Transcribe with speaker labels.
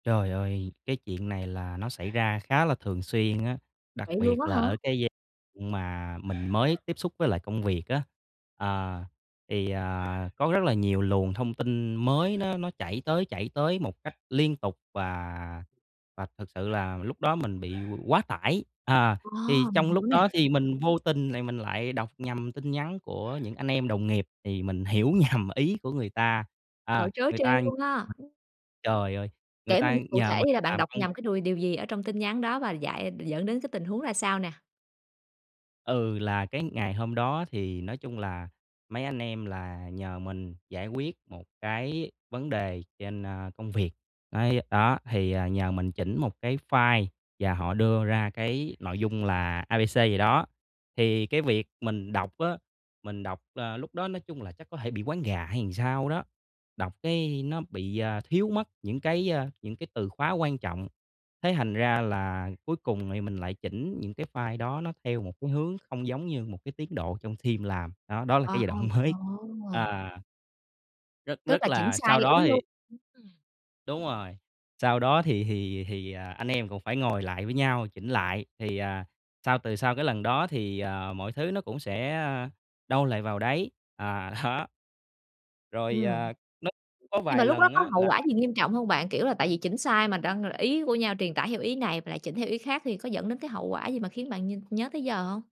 Speaker 1: Trời ơi, cái chuyện này là nó xảy ra khá là thường xuyên á, đặc
Speaker 2: Vậy luôn
Speaker 1: biệt
Speaker 2: á
Speaker 1: là
Speaker 2: hả?
Speaker 1: ở cái giai mà mình mới tiếp xúc với lại công việc á. À, thì, à, có rất là nhiều luồng thông tin mới nó nó chảy tới, chảy tới một cách liên tục và và thực sự là lúc đó mình bị quá tải. À,
Speaker 2: Ờ,
Speaker 1: thì
Speaker 2: mình
Speaker 1: trong lúc
Speaker 2: hiểu nè.
Speaker 1: đó thì mình vô tình thì mình lại đọc nhầm tin nhắn của những anh em đồng nghiệp thì mình hiểu nhầm ý của người ta, à,
Speaker 2: Trời, trớ
Speaker 1: người
Speaker 2: trêu
Speaker 1: ta ừ,
Speaker 2: luôn ha!
Speaker 1: trời ơi, người
Speaker 2: Kể mình nghe
Speaker 1: ta
Speaker 2: cụ
Speaker 1: nhờ
Speaker 2: thể
Speaker 1: mình
Speaker 2: đi là bạn
Speaker 1: làm
Speaker 2: đọc
Speaker 1: công
Speaker 2: nhầm cái đùi điều gì ở trong tin nhắn đó và dại dẫn đến cái tình huống ra sao nè?
Speaker 1: Ừ, là cái ngày hôm đó thì nói chung là mấy anh em là nhờ mình giải quyết một cái vấn đề trên, a, công việc. Đấy, đó thì, ờ, nhờ mình chỉnh một cái file và họ đưa ra cái nội dung là A-B-C gì đó. Thì cái việc mình đọc á, mình đọc, ờ, lúc đó nói chung là chắc có thể bị quáng gà hay sao đó, đọc cái nó bị, à, thiếu mất những cái, a, những cái từ khóa quan trọng. Thế thành ra là cuối cùng thì mình lại chỉnh những cái file đó nó theo một cái hướng không giống như một cái tiến độ trong team làm, đó, đó là cái
Speaker 2: À,
Speaker 1: giai đoạn mới.
Speaker 2: ồ. Ồ!
Speaker 1: à. Rất,
Speaker 2: Tức
Speaker 1: rất
Speaker 2: là chỉnh
Speaker 1: là
Speaker 2: sai
Speaker 1: sau đó
Speaker 2: ý luôn.
Speaker 1: thì
Speaker 2: Ưm, ừm.
Speaker 1: Đúng rồi, sau đó thì thì thì, ờ, anh em cũng phải ngồi lại với nhau, chỉnh lại thì, à, sau từ sau cái lần đó thì, à, mọi thứ nó cũng sẽ, ơ, đâu lại vào đấy. À, đó. Rồi,
Speaker 2: Ừm.
Speaker 1: à, nó có
Speaker 2: Nhưng
Speaker 1: vài
Speaker 2: mà lúc đó
Speaker 1: lần
Speaker 2: có
Speaker 1: á
Speaker 2: hậu quả
Speaker 1: là
Speaker 2: gì nghiêm trọng hông bạn? Kiểu là, tại vì chỉnh sai mà đăng ý của nhau truyền tải theo ý này mà lại chỉnh theo ý khác thì có dẫn đến cái hậu quả gì mà khiến bạn nh nhớ tới giờ hông?